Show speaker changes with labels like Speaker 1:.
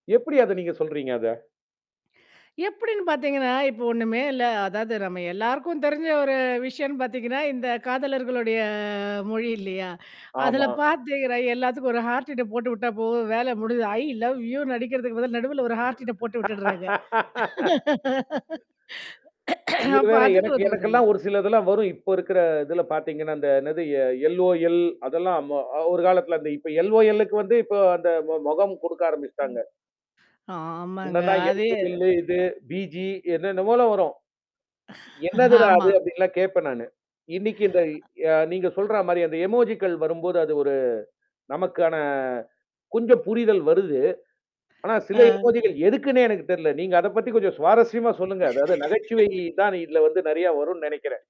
Speaker 1: எப்படி அத நீங்க சொல்றீங்க அத?
Speaker 2: எப்படின்னு பார்த்தீங்கன்னா, இப்போ ஒண்ணுமே இல்ல. அதாவது நம்ம எல்லாருக்கும் தெரிஞ்ச ஒரு விஷயம்ன்னனு பாத்தீங்கன்னா, இந்த காதலர்களுடைய மொழி இல்லையா? அதில
Speaker 1: ஆமா.
Speaker 2: பாத்தீங்கன்னா எல்லாத்துக்கும் ஒரு ஹார்ட்டின் போட்டு உட்டா போது வேல முடிஞ்சது. "ஐய் லவ் யு" னு அடிக்கிறதுக்கு பதில நடுவுல ஒரு ஹார்ட்டின் போட்டு விட்டுடுறாங்க.
Speaker 1: இதுல
Speaker 2: அப்ப
Speaker 1: வேற
Speaker 2: அதுக்கு
Speaker 1: எனக்கு
Speaker 2: உதவுதுல்லையா?
Speaker 1: எனக்கெல்லாம் ஒரு சிலதெல்லாம் வரும். இப்ப இருக்கிற இல பாத்தீங்கன்னா, அந்த என்னது எ எல்ஓஎல் அதெல்லாம் ம ஒரு காலத்தில அந்த இப்ப எல்ஓஎல் -லுக்கு வந்து இப்ப அந்த ம மொகம் குடுக்க
Speaker 2: ம்.
Speaker 1: ஆரம்பிச்சுட்டாங்க.
Speaker 2: ஆமாங்க.
Speaker 1: முன்னல்லா
Speaker 2: அதே.
Speaker 1: எல்ஓஎல் -லு இது பிஜி என்னன்னவோ வரும். என்னதுடா அது?
Speaker 2: ஆமா.
Speaker 1: அப்டின்லாம் கேட்பேன் நானு. இன்னைக்கு இந்த அ நீங்க சொல்ற மாரி அந்த இமோஜிக்கல் வரும்போது அது ஒரு நமக்கான. கொஞ்சம் புரிதல் வருது. ஆனா, சில
Speaker 2: அ.
Speaker 1: இமோஜிக்கல் எதுக்குன்னே எனக்கு தெரல. நீங்க அத பத்தி கொஞ்சம் சுவாரஸ்யமா சொல்லுங்க. அதாவது நகைச்சுவை தான் இதில வந்து நெறைய வரும்னு நெனைக்கிறேன்.